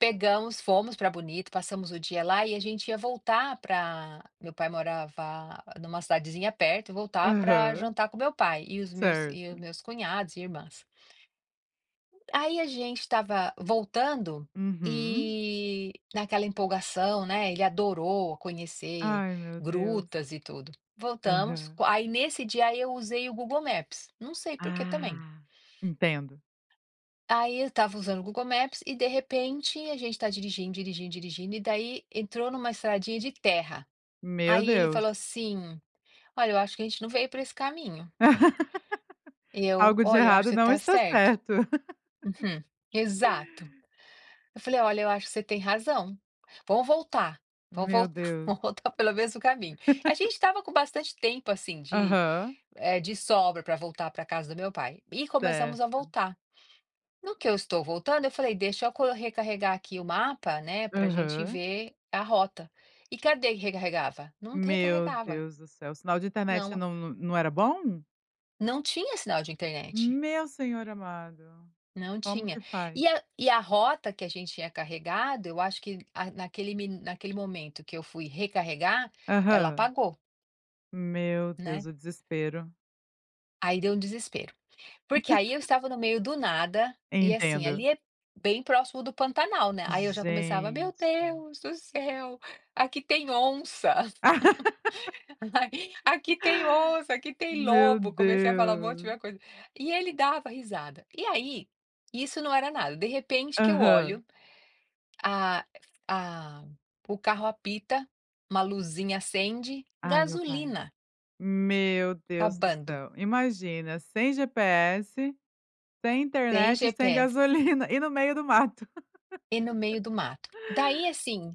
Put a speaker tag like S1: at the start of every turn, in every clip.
S1: Pegamos, fomos para Bonito, passamos o dia lá, e a gente ia voltar pra meu pai morava em uma cidadezinha perto, voltar para
S2: Aham.
S1: jantar com o meu pai, e os meus e os
S2: Certo.
S1: meus cunhados e irmãs. Aí a gente estava voltando
S2: Uhum.
S1: e, naquela empolgação, né, ele adorou conhecer
S2: Ai meu Deus.
S1: grutas, e tudo. Voltamos,
S2: Aham.
S1: aí nesse dia, aí eu usei o Google Maps, não sei porquê também.
S2: Ah, entendo.
S1: Aí eu estava usando o Google Maps, e de repente, a gente está dirigindo, dirigindo, dirigindo, e daí entrou em uma estradinha de terra.
S2: Meu
S1: Aí ele
S2: Deus.
S1: falou assim: "Olha, eu acho que a gente não veio para esse caminho". Eu:
S2: Algo de
S1: "Olha, eu acho que
S2: errado
S1: você
S2: não
S1: está
S2: está
S1: certo".
S2: certo.
S1: Uhum. Exato. Eu falei: "Olha, eu acho que você tem razão. Vamos voltar. Vamos
S2: Meu
S1: voltar
S2: Deus.
S1: vamos voltar pelo mesmo caminho". A gente estava com bastante tempo, assim, de,
S2: Aham.
S1: eh, de sobra para voltar para casa do meu pai, e
S2: Certo.
S1: começamos a voltar. No que eu estou voltando, eu falei: "Deixa eu co recarregar aqui o mapa, né, para gente
S2: Aham.
S1: ver a rota". E cadê que recarregava? Não t
S2: Meu
S1: recarregava.
S2: Deus do céu, sinal de internet
S1: Não.
S2: não no não era bom?
S1: Não tinha sinal de internet.
S2: Meu senhor amado.
S1: Não
S2: Como que
S1: tinha.
S2: faz?
S1: E a e a rota que a gente tinha carregado, eu acho que, ah, naquele mi naquele momento que eu fui recarregar, ela
S2: Aham.
S1: apagou.
S2: Meu Deus,
S1: Né.
S2: o desespero.
S1: Aí deu um desespero. Porque aí eu estava no meio do nada, e assim,
S2: Entendo.
S1: ali é bem próximo do Pantanal, né, aí eu já começava: "Meu
S2: Gente.
S1: Deus do céu, aqui tem onça. Aqui tem onça, aqui tem
S2: Meu
S1: lobo", eu comecei a falar um monte
S2: Deus.
S1: [unintelligible] coisa. E ele dava risada. E aí, isso não era nada, de repente que eu
S2: Aham.
S1: olho, a a o carro apita, uma luzinha acende,
S2: Ai meu pai.
S1: gasolina
S2: Meu Deus do
S1: acabando.
S2: céu. Imagina, sem GPS, sem
S1: Sem
S2: internet, e sem
S1: GPS.
S2: gasolina, e no meio do mato.
S1: E no meio do mato. Daí assim,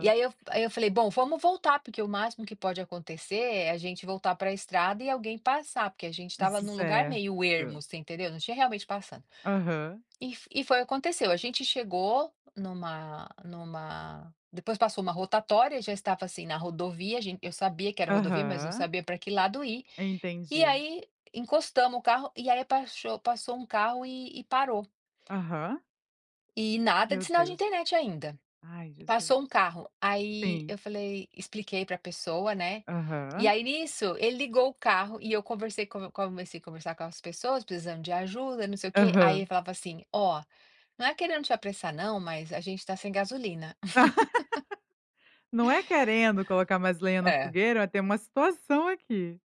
S1: e aí eu aí eu falei: "Bom, vamos voltar, porque o máximo que pode acontecer é a gente voltar para estrada e alguém passar", porque a gente
S2: E
S1: estava
S2: se
S1: em um lugar meio
S2: cerca.
S1: ermo, você entendeu, não tinha realmente passando.
S2: Aham.
S1: E f e foi o aconteceu, a gente chegou numa numa depois passou uma rotatória, já estava, assim, na rodovia, a gente eu sabia que era rodovia, mas não
S2: Aham.
S1: sabia pra que lado ir. E
S2: Entendi.
S1: aí, encostamos o carro, e aí paxo passou um carro e e parou.
S2: Aham.
S1: E nada
S2: Meu
S1: de sinal de
S2: Deus.
S1: internet ainda.
S2: Ai
S1: E
S2: Jesus.
S1: passou um carro, aí
S2: Sim.
S1: eu falei expliquei para pessoa, né, e
S2: Aham.
S1: aí nisso, ele ligou o carro, e eu conversei co comecei a conversar com as pessoas, precisando de ajuda, e não sei o quê, aí ele
S2: Aham.
S1: falava assim: "Ó, não é querendo te apressar não, mas a gente está sem gasolina".
S2: "Não é querendo colocar mais lenha no
S1: É.
S2: fogueira, mas tem uma situação aqui".